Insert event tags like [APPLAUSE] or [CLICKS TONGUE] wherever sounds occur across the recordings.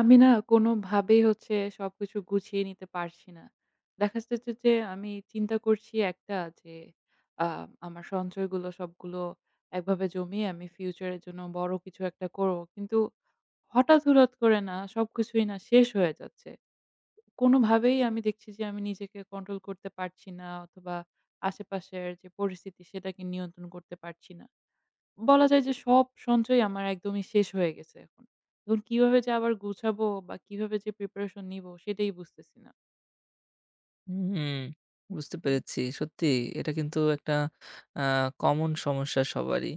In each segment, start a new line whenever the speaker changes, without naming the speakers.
আমি না কোনোভাবেই হচ্ছে সবকিছু গুছিয়ে নিতে পারছি না। দেখা যাচ্ছে যে আমি চিন্তা করছি একটা যে, আ আমার সঞ্চয়গুলো সবগুলো একভাবে জমিয়ে আমি future এর জন্য বড় কিছু একটা করব। কিন্তু হঠাৎ, হঠাৎ করে না সবকিছুই না শেষ হয়ে যাচ্ছে। কোনোভাবেই আমি দেখছি যে আমি নিজেকে control করতে পারছি না অথবা আশেপাশের যে পরিস্থিতি সেটাকে নিয়ন্ত্রণ করতে পারছি না। বলা যায় যে সব সঞ্চয় আমার একদমই শেষ হয়ে গেছে এখন। এখন কিভাবে যে আবার গুছাব বা কিভাবে যে preparation নিব সেটাই বুঝতেছি না।
হুম, বুঝতে পেরেছি। সত্যিই এটা কিন্তু একটা আ common সমস্যা সবারই।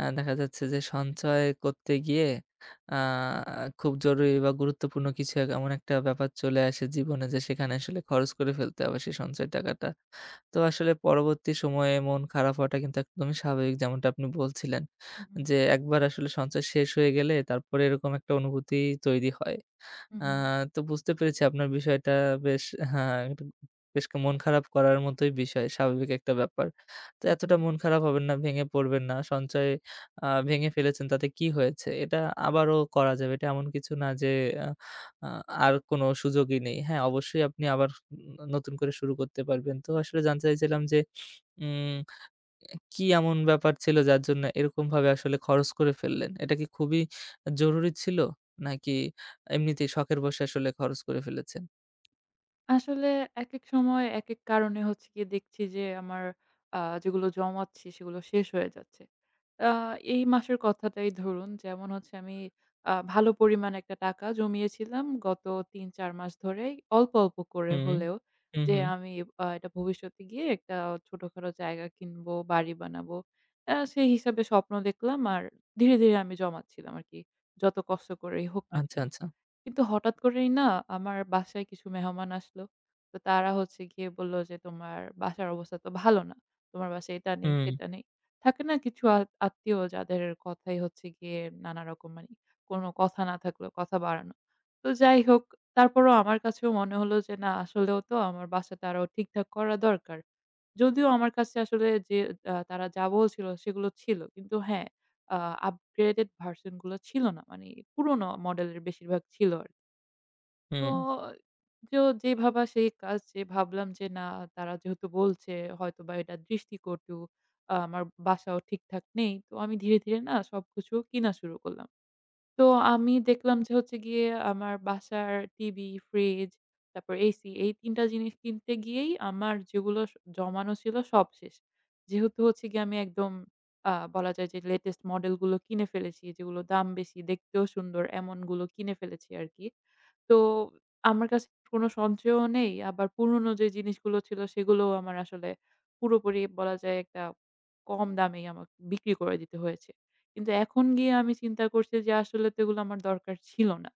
আ দেখা যাচ্ছে যে সঞ্চয় করতে গিয়ে আ খুব জরুরি বা গুরুত্বপূর্ণ কিছু এমন একটা ব্যাপার চলে আসে জীবনে যে সেখানে আসলে খরচ করে ফেলতে হবে সে সঞ্চয় টাকাটা। তো আসলে পরবর্তী সময়ে মন খারাপ হওয়াটা কিন্তু একদমই স্বাভাবিক। যেমনটা আপনি বলছিলেন
হু, হু।
যে একবার আসলে সঞ্চয় শেষ হয়ে গেলে তারপরে এরকম একটা অনুভূতি তৈরি হয়।
হু,
আ
হু।
তো বুঝতে পেরেছি আপনার বিষয়টা বেশ হ্যাঁ, বেশ মন খারাপ করার মতোই বিষয়। স্বাভাবিক একটা ব্যাপার। তো
হু,
এতটা
হু।
মন খারাপ হবেন না, ভেঙে পড়বেন না। সঞ্চয় আ ভেঙে ফেলেছেন তাতে কি হয়েছে? এটা আবারও করা যাবে। এটা এমন কিছু না যে আ আর কোন সুযোগই নেই। হ্যাঁ, অবশ্যই আপনি আবার নতুন করে শুরু করতে পারবেন। তো আসলে জানতে চাইছিলাম যে উম কি এমন ব্যাপার ছিল যার জন্য এরকমভাবে আসলে খরচ করে ফেললেন? এটা কি খুবই জরুরি ছিল নাকি এমনিতেই শখের বসে আসলে খরচ করে ফেলেছেন?
আসলে একেক সময়, একেক কারণে হচ্ছে গিয়ে দেখছি যে, আমার আ যেগুলো জমাচ্ছি সেগুলো শেষ হয়ে যাচ্ছে। আ এই মাসের কথাটাই ধরুন, যেমন হচ্ছে আমি আ ভালো পরিমাণ একটা টাকা জমিয়েছিলাম গত ৩-৪ মাস ধরেই অল্প, অল্প করে
হুম।
হলেও,
হুম,
যে,
হুম।
আমি অ্যা এটা ভবিষ্যতে গিয়ে একটা ছোটখাটো জায়গা কিনব, বাড়ি বানাব। অ্যা সেই হিসাবে স্বপ্ন দেখলাম আর ধীরে, ধীরে আমি জমাচ্ছিলাম আরকি যত কষ্ট করেই হোক না
আচ্ছা,
কেনো।
আচ্ছা।
কিন্তু হঠাৎ করেই না আমার বাসায় কিছু মেহমান আসলো, তো তারা হচ্ছে গিয়ে বলল যে, তোমার বাসার অবস্থা তো ভালো না। তোমার বাসায় এটা নেই,
হুম।
সেটা নেই। থাকে না কিছু আ আত্মীয় যাদের কথাই হচ্ছে গিয়ে নানারকম মানে কোনো কথা না থাকলে কথা বাড়ানো। তো যাই হোক তারপরও আমার কাছেও মনে হলো যে, না আসলেও তো আমার বাসাটা আরও ঠিকঠাক করা দরকার। যদিও আমার কাছে আসলে যে, অ্যা তারা যা বলছিল সেগুলো ছিল, কিন্তু হ্যাঁ, আ upgraded version গুলো ছিল না, মানে পুরনো model এর বেশিরভাগ ছিল আরকি। তো
হুম।
এ যো যেই ভাবা সেই কাজ, যে, ভাবলাম যে, না তারা যেহেতু বলছে হয়তোবা এটা দৃষ্টিকটু, অ্যা আমার বাসাও ঠিকঠাক নেই। তো আমি ধীরে, ধীরে না সবকিছু কিনা শুরু করলাম। তো আমি দেখলাম যে, হচ্ছে গিয়ে আমার বাসার টিভি, fridge তারপর AC এই ৩টা জিনিস কিনতে গিয়েই আমার যেগুলো স জমানো ছিল সব শেষ। যেহেতু হচ্ছে গিয়ে আমি একদম আ বলা যায় যে, latest model গুলো কিনে ফেলেছি, যেগুলো দাম বেশি, দেখতেও সুন্দর, এমনগুলো কিনে ফেলেছি আরকি। তো আমার কাছে কোনো সঞ্চয়ও নেই, আবার পুরনো যেই জিনিসগুলো ছিল সেগুলো আমার আসলে পুরোপুরি বলা যায় একটা কম দামেই আমাকে বিক্রি করে দিতে হয়েছে। কিন্তু এখন গিয়ে আমি চিন্তা করছি যে, আসলে তো ওগুলো আমার দরকার ছিল না।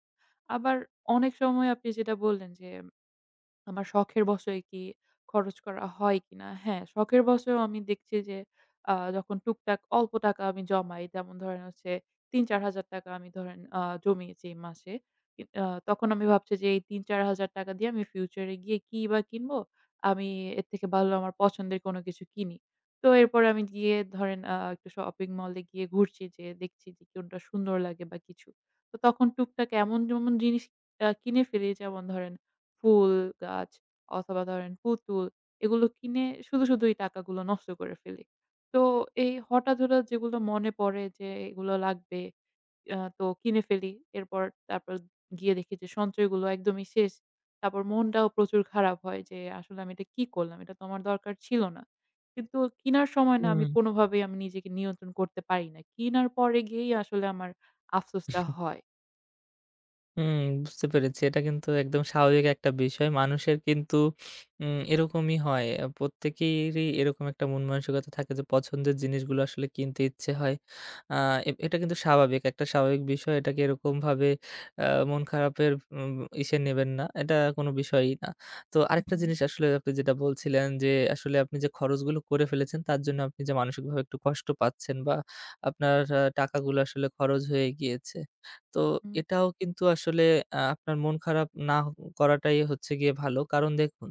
আবার অনেক সময় আপনি যেটা বললেন যে, "আমার শখের বশেই কি খরচ করা হয় কিনা?" হ্যাঁ, শখের বশেও আমি দেখছি যে, যখন আ টুকটাক অল্প টাকা আমি জমাই, যেমন ধরেন হচ্ছে ৩-৪০০০ টাকা আমি ধরেন আ জমিয়েছি এ মাসে। কি আ তখন আমি ভাবছি যে, এই ৳৩-৳৪০০০ টাকা দিয়ে আমি future এ গিয়ে কিবা কিনবো? আমি এর থেকে ভালো আমার পছন্দের কোন কিছু কিনি। তো এরপরে আমি গিয়ে ধরেন আ একটা shopping mall এ গিয়ে ঘুরছি যে, দেখছি যে, কোনটা সুন্দর লাগে? বা কিছু। তো তখন টুকটাক এমন যেমন জিনিস অ্যা কিনে ফেলি যেমন ধরেন ফুল গাছ অথবা ধরেন পুতুল, এগুলো কিনে শুধু শুধুই টাকাগুলো নষ্ট করে ফেলি। তো এই হঠাৎ, হঠাৎ যেগুলো মনে পড়ে যে, এগুলো লাগবে অ্যা তো কিনে ফেলি। এরপর তারপর গিয়ে দেখি যে, সঞ্চয়গুলো একদমই শেষ। তারপর মনটাও প্রচুর খারাপ হয় যে, আসলে আমি এটা কি করলাম? এটা তো আমার দরকার ছিল না। কিন্তু কিনার সময় না আমি
উম।
কোনভাবেই আমি নিজেকে নিয়ন্ত্রণ করতে পারি না। কিনার পরে গিয়েই আসলে আমার আফসোসটা
[CHUCKLES]
হয়।
উম বুঝতে পেরেছি। এটা কিন্তু একদম স্বাভাবিক একটা বিষয়। মানুষের কিন্তু উম এরকমই হয়। আ প্রত্যেকেরই এরকম একটা মনমানসিকতা থাকে যে পছন্দের জিনিসগুলো আসলে কিনতে ইচ্ছে হয়। আ এটা কিন্তু স্বাভাবিক, একটা স্বাভাবিক বিষয়। এটাকে এরকমভাবে আ মন খারাপের উম উম ইসে নেবেন না, এটা কোনো বিষয়ই না। তো
হু,
আরেকটা
হু।
জিনিস আসলে আপনি যেটা বলছিলেন যে আসলে আপনি যে খরচগুলো করে ফেলেছেন তার জন্য আপনি যে মানসিকভাবে একটু কষ্ট পাচ্ছেন বা আপনার আ টাকাগুলো আসলে খরচ হয়ে গিয়েছে। তো
হু, হু।
এটাও কিন্তু আসলে আ আপনার মন খারাপ নাহ করাটাই হচ্ছে গিয়ে ভালো। কারণ দেখুন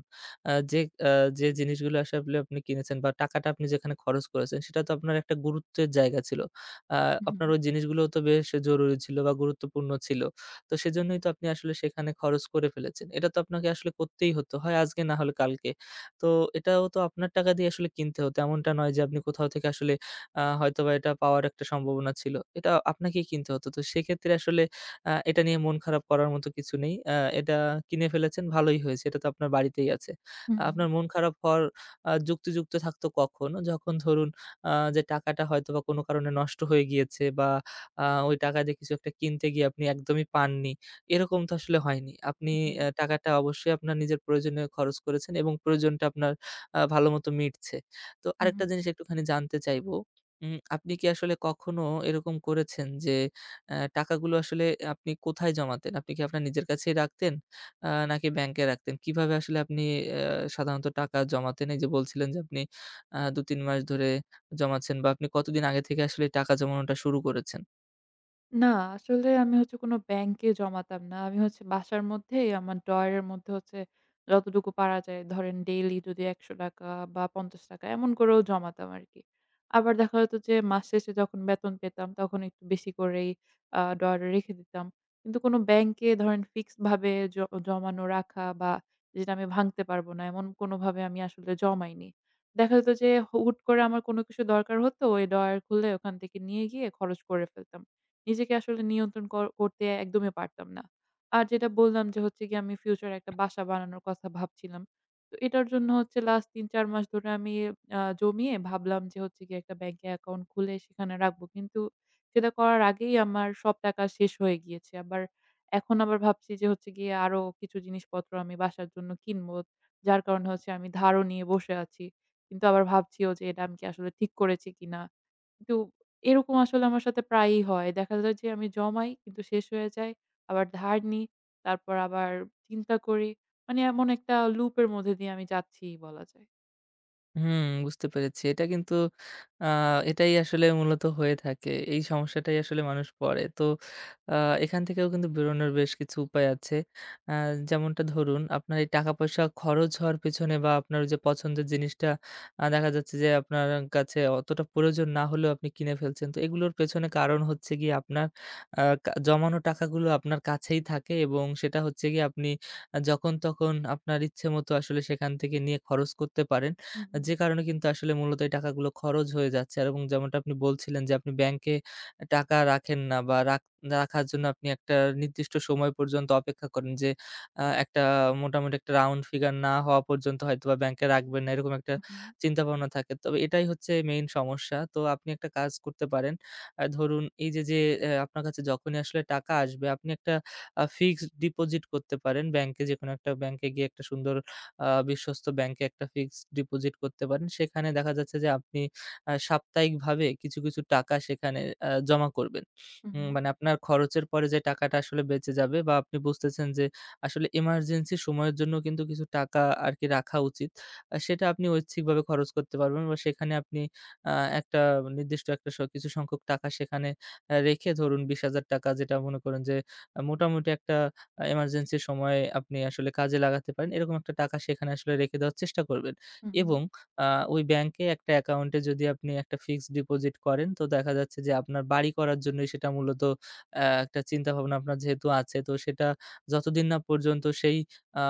আ যে আ যে জিনিসগুলো আসলে আপনি কিনেছেন বা টাকাটা আপনি যেখানে খরচ করেছেন সেটা তো আপনার একটা গুরুত্বের জায়গা ছিল। আ
উ
আপনার
হু।
ওই জিনিসগুলোও তো বেশ জরুরি ছিল বা গুরুত্বপূর্ণ ছিল। তো সেজন্যই তো আপনি আসলে সেখানে খরচ করে ফেলেছেন। এটা তো আপনাকে আসলে করতেই হতো, হয় আজকে না হলে কালকে। তো এটাও তো আপনার টাকা দিয়ে আসলে কিনতে হতো। এমনটা নয় যে আপনি কোথাও থেকে আসলে আ হয়তোবা এটা পাওয়ার একটা সম্ভাবনা ছিল। এটা আপনাকেই কিনতে হতো। তো সেক্ষেত্রে আসলে আ এটা নিয়ে মন খারাপ করার মতো কিছু নেই। আ এটা কিনে ফেলেছেন ভালোই হয়েছে। এটা তো আপনার বাড়িতেই আছে।
উ হুম।
আপনার মন খারাপ হওয়ার আ যুক্তিযুক্ত থাকতো কখন? যখন ধরুন আ যে টাকাটা হয়তোবা কোনো কারণে নষ্ট হয়ে গিয়েছে বা আ ওই টাকা দিয়ে কিছু একটা কিনতে গিয়ে আপনি একদমই পাননি, এরকম তো আসলে হয়নি। আপনি
উ হু।
অ্যা টাকাটা অবশ্যই আপনার নিজের প্রয়োজনে খরচ করেছেন এবং প্রয়োজনটা আপনার আ ভালোমতো মিটছে। তো
হু,
আরেকটা
হু।
জিনিস একটুখানি জানতে চাইবো উম আপনি কী আসলে কখনো এরকম করেছেন যে অ্যা টাকাগুলো আসলে আপনি কোথায় জমাতেন? আপনি কী আপনার নিজের কাছেই রাখতেন, আ নাকি ব্যাংকে রাখতেন? কিভাবে আসলে আপনি অ্যা সাধারণত টাকা জমাতেন? এই যে বলছিলেন যে আপনি আ দু, ৩ মাস ধরে জমাচ্ছেন বা আপনি কতদিন আগে থেকে আসলে টাকা জমানোটা শুরু করেছেন?
না আসলে আমি হচ্ছে কোন bank এ জমাতাম না। আমি হচ্ছে বাসার মধ্যেই আমার drawer এর মধ্যে হচ্ছে যতটুকু পারা যায় ধরেন daily যদি ১০০ টাকা বা ৫০ টাকা এমন করেও জমাতাম আরকি। আবার দেখা যেত যে মাস শেষে যখন বেতন পেতাম তখন একটু বেশি করেই আ ডয়ারে রেখে দিতাম। কিন্তু কোন ব্যাংকে ধরেন ফিক্সড ভাবে জ জমানো রাখা বা যেটা আমি ভাঙতে পারব না এমন কোনভাবে আমি আসলে জমাইনি। দেখা যেত যে হু হুট করে আমার কোন কিছু দরকার হতো ওই ডয়ার খুলে ওখান থেকে নিয়ে গিয়ে খরচ করে ফেলতাম। নিজেকে আসলে নিয়ন্ত্রণ ক করতে একদমই পারতাম না। আর যেটা বললাম যে হচ্ছে গিয়ে আমি future একটা বাসা বানানোর কথা ভাবছিলাম। তো এটার জন্য হচ্ছে last ৩-৪ মাস ধরে আমি আ জমিয়ে ভাবলাম যে হচ্ছে গিয়ে একটা ব্যাংকে account খুলে সেখানে রাখবো। কিন্তু সেটা করার আগেই আমার সব টাকা শেষ হয়ে গিয়েছে। আবার এখন আবার ভাবছি যে হচ্ছে গিয়ে আরও কিছু জিনিসপত্র আমি বাসার জন্য কিনবো। যার কারণে হচ্ছে আমি ধারও নিয়ে বসে আছি। কিন্তু আবার ভাবছিও যে এটা আমি কি আসলে ঠিক করেছি কিনা। কিন্তু এরকম আসলে আমার সাথে প্রায়ই হয়। দেখা যায় যে আমি জমাই কিন্তু শেষ হয়ে যায়। আবার ধার নিই তারপর আবার চিন্তা করি। মানি এমন একটা loop এর মধ্যে দিয়ে আমি যাচ্ছিই বলা যায়।
হুম, বুঝতে পেরেছি। এটা কিন্তু, আ এটাই আসলে মূলত হয়ে থাকে। এই সমস্যাটাই আসলে মানুষ পড়ে। তো, আ এখান থেকেও কিন্তু বেরোনোর বেশ কিছু উপায় আছে। আ যেমনটা ধরুন, আপনার এই টাকা পয়সা খরচ হওয়ার পেছনে বা আপনার ওই যে পছন্দের জিনিসটা আ দেখা যাচ্ছে যে আপনার কাছে অতটা প্রয়োজন না হলেও আপনি কিনে ফেলছেন। তো, এগুলোর পেছনে কারণ হচ্ছে গিয়ে আপনার আ জমানো টাকাগুলো আপনার কাছেই থাকে এবং সেটা হচ্ছে গিয়ে আপনি যখন তখন আপনার ইচ্ছেমতো আসলে সেখান থেকে নিয়ে খরচ করতে পারেন।
হু, হু।
যে কারণে কিন্তু আসলে মূলত এই টাকাগুলো খরচ হয়ে যাচ্ছে। আর এবং যেমনটা আপনি বলছিলেন যে আপনি ব্যাংকে টাকা রাখেন না বা রাখ রাখার জন্য আপনি একটা নির্দিষ্ট সময় পর্যন্ত অপেক্ষা করেন যে আ একটা মোটামুটি একটা রাউন্ড ফিগার না হওয়া পর্যন্ত হয়তোবা ব্যাংকে রাখবেন না, এরকম একটা
হু, হু।
চিন্তাভাবনা থাকে। তবে এটাই হচ্ছে মেইন সমস্যা। তো, আপনি একটা কাজ করতে পারেন। আ ধরুন, এইযে, যে আ আপনার কাছে যখনই আসলে টাকা আসবে আপনি একটা আ ফিক্সড ডিপোজিট করতে পারেন ব্যাংকে। যেকোনো একটা ব্যাংকে গিয়ে একটা সুন্দর, আ বিশ্বস্ত ব্যাংকে একটা ফিক্সড ডিপোজিট করতে পারেন। সেখানে দেখা যাচ্ছে যে আপনি আ সাপ্তাহিক ভাবে কিছু, কিছু টাকা সেখানে আ জমা করবেন।
হু,
হুম
হু।
মানে, আপনার খরচের পরে যে টাকাটা আসলে বেঁচে যাবে বা আপনি বুঝতেছেন যে আসলে ইমারজেন্সি সময়ের জন্য কিন্তু কিছু টাকা আরকি রাখা উচিত। সেটা আপনি ঐচ্ছিকভাবে খরচ করতে পারবেন বা সেখানে আপনি আ একটা নির্দিষ্ট একটা স কিছু সংখ্যক টাকা সেখানে রেখে, এ ধরুন 20,000 টাকা যেটা মনে করুন যে মোটামুটি একটা ইমারজেন্সির সময়ে আপনি আসলে কাজে লাগাতে পারেন, এরকম একটা টাকা সেখানে আসলে রেখে দেওয়ার চেষ্টা করবেন
হু,
এবং
হু।
আ ওই ব্যাংকে একটা অ্যাকাউন্টে যদি আপনি একটা ফিক্সড ডিপোজিট করেন তো দেখা যাচ্ছে যে আপনার বাড়ি করার জন্যই সেটা মূলত অ্যা একটা চিন্তাভাবনা আপনার যেহেতু আছে, তো সেটা যতদিন না পর্যন্ত সেই আ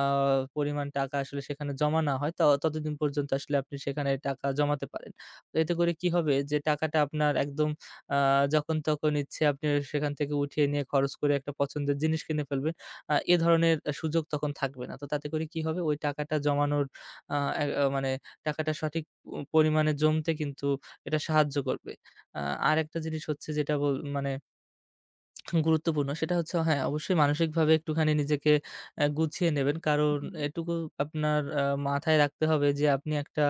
পরিমাণ টাকা আসলে সেখানে জমা না হয় ত তদিন পর্যন্ত আসলে আপনি সেখানে টাকা জমাতে পারেন। তো এতে করে কি হবে? যে টাকাটা আপনার একদম আ যখন-তখন ইচ্ছে আপনি সেখান থেকে উঠিয়ে নিয়ে খরচ করে একটা পছন্দের জিনিস কিনে ফেলবেন, আ এ ধরনের সুযোগ তখন থাকবে না। তো তাতে করে কি হবে? ওই টাকাটা জমানোর আ অ্যা মানে টাকাটা সঠিক প পরিমাণে জমতে কিন্তু এটা সাহায্য করবে। আ আরেকটা জিনিস হচ্ছে যেটা বল মানে [CLICKS TONGUE] গুরুত্বপূর্ণ সেটা হচ্ছে হ্যাঁ, অবশ্যই মানসিকভাবে একটুখানি নিজেকে অ্যা গুছিয়ে নেবেন। কারণ
হু, হু।
এটুকু আপনার আ মাথায় রাখতে হবে যে আপনি একটা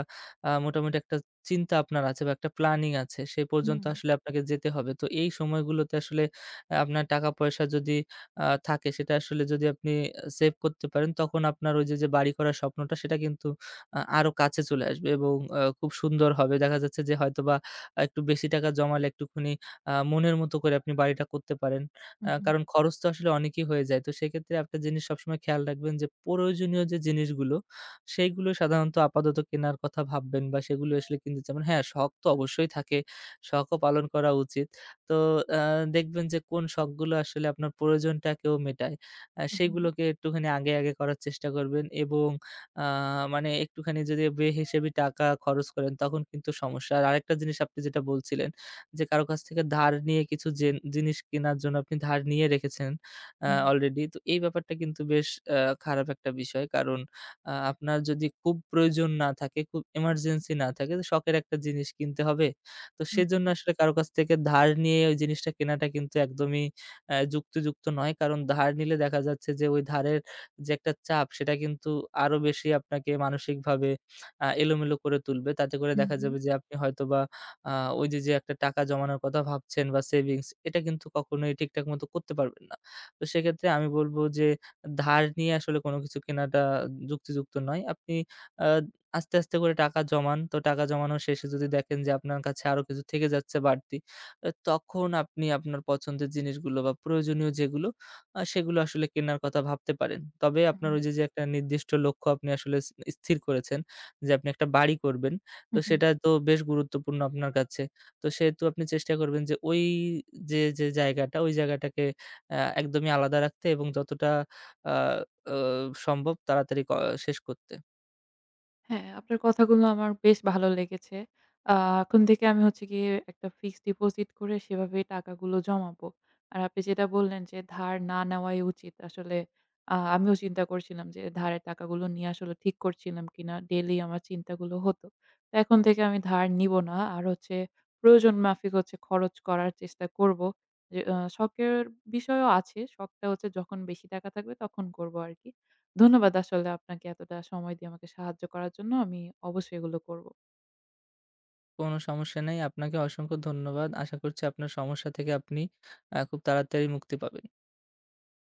আ মোটামুটি একটা চিন্তা আপনার আছে বা একটা প্ল্যানিং আছে, সে পর্যন্ত
হুম।
আসলে আপনাকে যেতে হবে। তো এই সময়গুলোতে আসলে অ্যা আপনার টাকা-পয়সা যদি আ থাকে সেটা আসলে যদি আপনি সেভ করতে পারেন তখন আপনার ওইযে, যে বাড়ি করার স্বপ্নটা সেটা কিন্তু আ আরও কাছে চলে আসবে এবং অ খুব সুন্দর হবে। দেখা যাচ্ছে যে হয়তোবা একটু বেশি টাকা জমালে একটুখানি আ মনের মতো করে আপনি বাড়িটা করতে পারেন।
হু,
আ
হু।
কারণ খরচ তো আসলে অনেকই হয়ে যায়। তো সেক্ষেত্রে একটা জিনিস সবসময় খেয়াল রাখবেন যে প্রয়োজনীয় যে জিনিসগুলো সেগুলো সাধারণত আপাতত কেনার কথা ভাববেন বা সেগুলো আসলে কিনবেন। যেমন হ্যাঁ, শখ তো অবশ্যই থাকে, শখও পালন করা উচিত। তো অ্যা দেখবেন যে কোন শখগুলো আসলে আপনার প্রয়োজনটাকেও মেটায়। আ
হু, হু।
সেগুলোকে একটুখানি আগে, আগে করার চেষ্টা করবেন এবং আ মানে একটুখানি যদি বেহিসাবি টাকা খরচ করেন তখন কিন্তু সমস্যা। আর আরেকটা জিনিস আপনি যেটা বলছিলেন, যে কারো কাছ থেকে ধার নিয়ে কিছু জে জিনিস কেনার জন্য আপনি ধার নিয়ে রেখেছেন আ
হুম।
অলরেডি। তো এই ব্যাপারটা কিন্তু বেশ আ খারাপ একটা বিষয়। কারণ আ আপনার যদি খুব প্রয়োজন না থাকে, খুব ইমারজেন্সি না থাকে, শখের একটা জিনিস কিনতে হবে, তো
হু,
সেজন্য
হু।
আসলে কারো কাছ থেকে ধার নিয়ে ওই জিনিসটা কেনাটা কিন্তু একদমই অ্যা যুক্তিযুক্ত নয়। কারণ ধার নিলে দেখা যাচ্ছে যে ওই ধারের যে একটা চাপ সেটা কিন্তু আরও বেশি আপনাকে মানসিকভাবে আ এলোমেলো করে তুলবে। তাতে করে
হু,
দেখা
হু।
যাবে যে আপনি হয়তোবা আ ওইযে, যে একটা টাকা জমানোর কথা ভাবছেন বা সেভিংস এটা কিন্তু কখনোই ঠিকঠাক মতো করতে পারবেন না। তো সেক্ষেত্রে আমি বলব যে ধার নিয়ে আসলে কোন কিছু কেনাটা যুক্তিযুক্ত নয়। আপনি আ আস্তে, আস্তে করে টাকা জমান। তো টাকা জমানো শেষে যদি দেখেন যে আপনার কাছে আরও কিছু থেকে যাচ্ছে বাড়তি, তখন আপনি আপনার পছন্দের জিনিসগুলো বা প্রয়োজনীয় যেগুলো আ সেগুলো আসলে কেনার কথা ভাবতে পারেন। তবে
হু,
আপনার
হু।
ওইযে, যে একটা নির্দিষ্ট লক্ষ্য আপনি আসলে ইস স্থির করেছেন যে আপনি একটা বাড়ি করবেন,
হু,
তো
হু।
সেটা তো বেশ গুরুত্বপূর্ণ আপনার কাছে। তো সেহেতু আপনি চেষ্টা করবেন যে ওইযে, যে জায়গাটা, ওই জায়গাটাকে অ্যা একদমই আলাদা রাখতে এবং যতটা অ্যা অ সম্ভব তাড়াতাড়ি ক শেষ করতে।
হ্যাঁ, আপনার কথাগুলো আমার বেশ ভালো লেগেছে। আ এখন থেকে আমি হচ্ছে গিয়ে একটা fixed deposit করে সেভাবে টাকাগুলো জমাবো। আর আপনি যেটা বললেন যে ধার না নেওয়াই উচিত, আসলে আ আমিও চিন্তা করছিলাম যে ধারের টাকাগুলো নিয়ে আসলে ঠিক করছিলাম কিনা। daily আমার চিন্তাগুলো হতো। তো এখন থেকে আমি ধার নিবো না। আর হচ্ছে প্রয়োজন মাফিক হচ্ছে খরচ করার চেষ্টা করবো। আ শখের বিষয়ও আছে। শখটা হচ্ছে যখন বেশি টাকা থাকবে তখন করবো আরকি। ধন্যবাদ আসলে আপনাকে এতটা সময় দিয়ে আমাকে সাহায্য করার জন্য। আমি অবশ্যই এগুলো করবো।
কোন সমস্যা নেই। আপনাকে অসংখ্য ধন্যবাদ। আশা করছি আপনার সমস্যা থেকে আপনি অ্যা খুব তাড়াতাড়ি মুক্তি পাবেন।